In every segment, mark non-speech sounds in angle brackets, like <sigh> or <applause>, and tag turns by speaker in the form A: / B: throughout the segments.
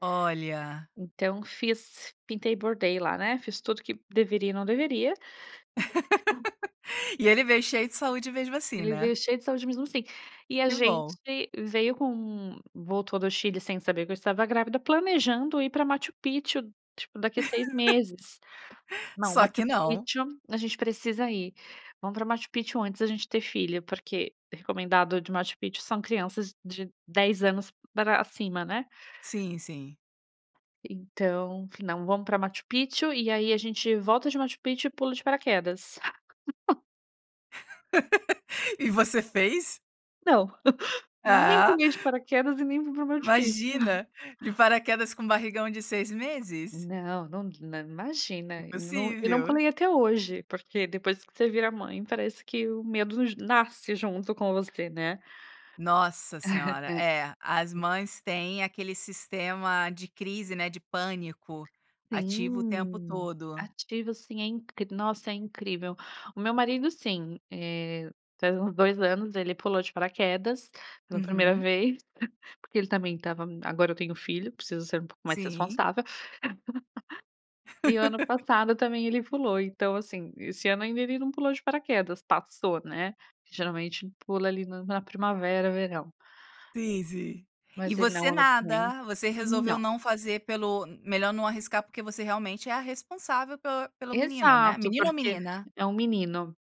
A: Olha.
B: Então, fiz. Pintei e bordei, lá, né. Fiz tudo que deveria e não deveria.
A: <laughs> E ele veio cheio de saúde, mesmo assim,
B: Ele
A: né?
B: veio cheio de saúde, mesmo assim. E, a
A: Que
B: gente
A: bom.
B: veio com um voltou do Chile, sem saber que eu estava grávida, planejando ir pra Machu Picchu, tipo, daqui a 6 meses.
A: <laughs>
B: "Não,
A: Só,
B: Machu
A: que não.
B: Picchu, a gente precisa ir. Vamos para Machu Picchu antes da gente ter filho", porque recomendado de Machu Picchu são crianças de 10 anos, pra cima, né.
A: Sim, sim.
B: Então, f "Não, vamos pra Machu Picchu e, aí, a gente volta de Machu Picchu e pula de paraquedas". <laughs>
A: <laughs> E, você fez?
B: Não. <laughs> Nem
A: Ah.
B: pulei de paraquedas e nem fui pra Machu Picchu.
A: Imagina. De paraquedas com um barrigão de 6 meses.
B: Não, num nã imagina. Eu n não
A: Impossível.
B: pulei até hoje. Porque depois que você vira mãe, parece que o medo j nasce junto com você, né.
A: Nossa senhora.
B: Né.
A: É. As
B: Hum.
A: mães têm aquele sistema de crise, né, de pânico, ativo o tempo
B: Sim.
A: todo.
B: Ativo, sim. É in nossa, é incrível. O meu marido, sim. Eh, faz uns 2 anos ele pulou de paraquedas, pela 1º
A: Uhum.
B: vez. Porque ele também estava "Agora eu tenho filho, preciso ser um pouco mais
A: Sim.
B: responsável". <laughs> E o ano
A: <laughs>
B: passado também ele pulou. Então, assim, esse ano ainda ele não pulou de paraquedas. Passou, né. Que geralmente pula ali no na primavera, verão.
A: Sim, sim. E
B: Mas, ele
A: você,
B: não <unintelligible>
A: nada. Você resolveu
B: Não.
A: não fazer pelo, melhor não arriscar, porque você realmente é a responsável pel pelo menino, né?
B: Exato.
A: Menino ou
B: Porque
A: menina?
B: é um menino.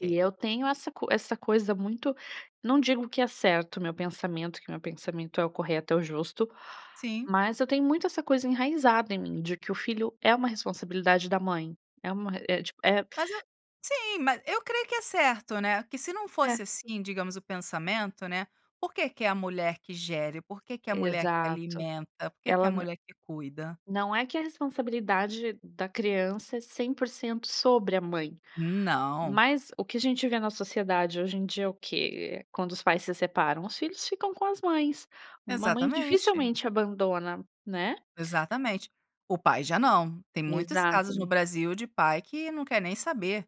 B: E eu tenho essa co essa coisa muito não digo que é certo o meu pensamento. Que meu pensamento é o correto, é o justo.
A: Sim.
B: Mas eu tenho muito essa coisa enraizada em mim de que o filho é uma responsabilidade da mãe, é uma re é, tipo, é
A: Mas, eu Sim. Ma eu creio que é certo, né, que se não
B: É.
A: fosse, assim, digamos o pensamento, né. Por que que é a mulher que gere? Por que, que é a mulher que
B: Exato.
A: alimenta? Por que, que é
B: Ela
A: a
B: n
A: mulher que cuida?
B: não é que a responsabilidade da criança é 100% sobre a mãe.
A: Não.
B: Mas o que a gente vê na sociedade, hoje em dia, é o quê? Quando os pais se separam, os filhos ficam com as mães. Uma mãe
A: Exatamente.
B: dificilmente, abandona, né.
A: Exatamente. O pai já não. Tem muitos casos no
B: Exato.
A: Brasil de pai que não quer nem saber.